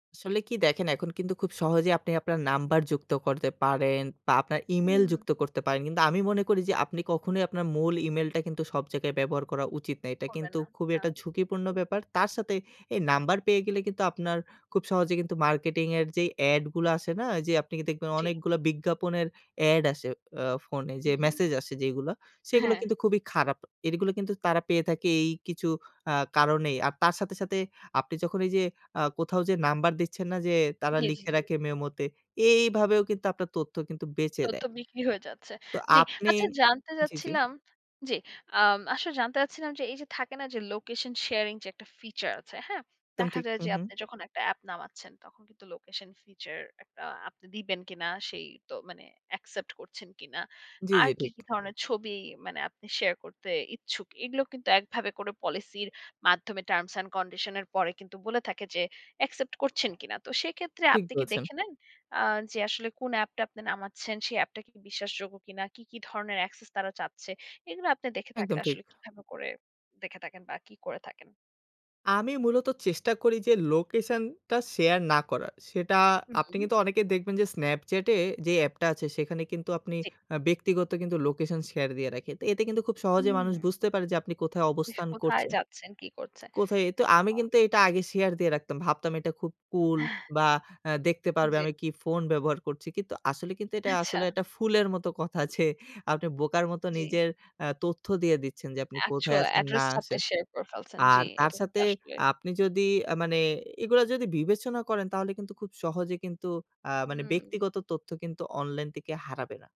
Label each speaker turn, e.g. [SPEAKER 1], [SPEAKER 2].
[SPEAKER 1] আসলে কি দেখেন এখন কিন্তু খুব সহজেই আপনি আপনার নাম্বার যুক্ত করতে পারেন বা আপনার ইমেইল যুক্ত
[SPEAKER 2] হুম।
[SPEAKER 1] করতে পারেন। কিন্তু আমি মনে করি যে আপনি কখনোই আপনার মূল ইমেইলটা কিন্তু সব জায়গায় ব্যবহার করা উচিত না। এটা
[SPEAKER 2] করবেন
[SPEAKER 1] কিন্তু
[SPEAKER 2] না।
[SPEAKER 1] খুবই
[SPEAKER 2] না।
[SPEAKER 1] একটা ঝুঁকিপূর্ণ
[SPEAKER 2] [unintelligible]
[SPEAKER 1] ব্যাপার। তার সাথে এই নাম্বার পেয়ে গেলে কিন্তু আপনার খুব সহজে কিন্তু মার্কেটিং এর যেই এড গুলো আসে না? যে আপনি দেখবেন
[SPEAKER 2] জি।
[SPEAKER 1] অনেকগুলো বিজ্ঞাপনের এড আসে অ্যা ফোনে যে
[SPEAKER 2] হুম।
[SPEAKER 1] মেসেজ আসে যেগুলা সেগুলো
[SPEAKER 2] হ্যাঁ।
[SPEAKER 1] কিন্তু খুবই খারাপ। এরগুলা কিন্তু তারা পেয়ে থাকে এই কিছু আ কারণেই। আর তার সাথে, সাথে আপনি যখন এইযে আ কোথাও যে নাম্বার দিচ্ছেন না যে তারা
[SPEAKER 2] জি, জি,
[SPEAKER 1] লিখে
[SPEAKER 2] জি।
[SPEAKER 1] রাখে মেমোতে এইভাবেও কিন্তু আপনার তথ্য কিন্তু বেঁচে
[SPEAKER 2] তথ্য
[SPEAKER 1] দেয়
[SPEAKER 2] বিক্রি হয়ে যাচ্ছে।
[SPEAKER 1] তো
[SPEAKER 2] জি,
[SPEAKER 1] আপনি
[SPEAKER 2] আচ্ছা জানতে
[SPEAKER 1] জি, জি।
[SPEAKER 2] চাচ্ছিলাম জি, আম আসলে জানতে চাচ্ছিলাম যে এইযে থাকে না যে লোকেশন শেয়ারিং যে একটা ফিচার আছে। হ্যাঁ?
[SPEAKER 1] একদম
[SPEAKER 2] দেখা
[SPEAKER 1] ঠিক।
[SPEAKER 2] যায়
[SPEAKER 1] হু,
[SPEAKER 2] যে
[SPEAKER 1] হু।
[SPEAKER 2] আপনি যখন একটা অ্যাপ নামাচ্ছেন তখন কিন্তু লোকেশন ফিচার আপনি দিবেন কিনা সেই তো মানে অ্যাকসেপ্ট করছেন কিনা।
[SPEAKER 1] জি,
[SPEAKER 2] আর
[SPEAKER 1] জি
[SPEAKER 2] কি,
[SPEAKER 1] ঠিক।
[SPEAKER 2] কি ধরনের ছবি মানে আপনি শেয়ার করতে ইচ্ছুক। এগুলো কিন্তু একভাবে করে পলিসির মাধ্যমে টার্মস অ্যান্ড কন্ডিশন এর পরে। কিন্তু বলে থাকে যে অ্যাকসেপ্ট করছেন কিনা? তো সেক্ষেত্রে
[SPEAKER 1] ঠিক
[SPEAKER 2] আপনি কি
[SPEAKER 1] বলেছেন।
[SPEAKER 2] দেখে নেন? আ যে আসলে কোন অ্যাপটা আপনি নামাচ্ছেন, সেই অ্যাপটা কি বিশ্বাসযোগ্য কিনা, কি, কি ধরনের অ্যাক্সেস তারা চাচ্ছে। এগুলো আপনি দেখে থাকলে
[SPEAKER 1] একদম ঠিক।
[SPEAKER 2] আসলে কিভাবে করে দেখে থাকেন বা কি করে থাকেন?
[SPEAKER 1] আমি মূলত চেষ্টা করি যে লোকেশনটা শেয়ার না করার। সেটা আপনি
[SPEAKER 2] হুম।
[SPEAKER 1] কিন্তু অনেকে দেখবেন যে Snapchat এ যে অ্যাপটা আছে সেখানে কিন্তু আপনি
[SPEAKER 2] জি।
[SPEAKER 1] আ ব্যক্তিগত কিন্তু লোকেশন শেয়ার দিয়ে রাখি। তো এতে কিন্তু খুব সহজে মানুষ
[SPEAKER 2] হুম।
[SPEAKER 1] বুঝতে পারে যে আপনি কোথায়
[SPEAKER 2] ইহ
[SPEAKER 1] অবস্থান
[SPEAKER 2] কোথায়
[SPEAKER 1] করছেন
[SPEAKER 2] যাচ্ছেন কি করছে
[SPEAKER 1] কোথায় তো আমি
[SPEAKER 2] একদম।
[SPEAKER 1] কিন্তু এটা আগে শেয়ার দিয়ে রাখতাম। ভাবতাম এটা খুব কুল বা আ দেখতে পারবে
[SPEAKER 2] জি।
[SPEAKER 1] আমি কি ফোন ব্যবহার করছি। কিন্তু আসলে কিন্তু এটা
[SPEAKER 2] আচ্ছা।
[SPEAKER 1] আসলে একটা ফুলের মত কথা যে, আপনি বোকার মত
[SPEAKER 2] জি।
[SPEAKER 1] নিজের আ তথ্য দিয়ে দিচ্ছেন যে আপনি কোথায়
[SPEAKER 2] অ্যাকচুয়াল
[SPEAKER 1] আছেন না
[SPEAKER 2] অ্যাড্রেস টা আপনি
[SPEAKER 1] আসেন।
[SPEAKER 2] শেয়ার করে ফেলছেন। জি,
[SPEAKER 1] আর তার
[SPEAKER 2] এটা কিন্তু
[SPEAKER 1] সাথে
[SPEAKER 2] আসলে
[SPEAKER 1] আপনি যদি আ মানে এগুলা যদি বিবেচনা করেন তাহলে কিন্তু খুব সহজে কিন্তু আ মানে
[SPEAKER 2] হুম।
[SPEAKER 1] ব্যক্তিগত তথ্য কিন্তু অনলাইন থেকে হারাবে না।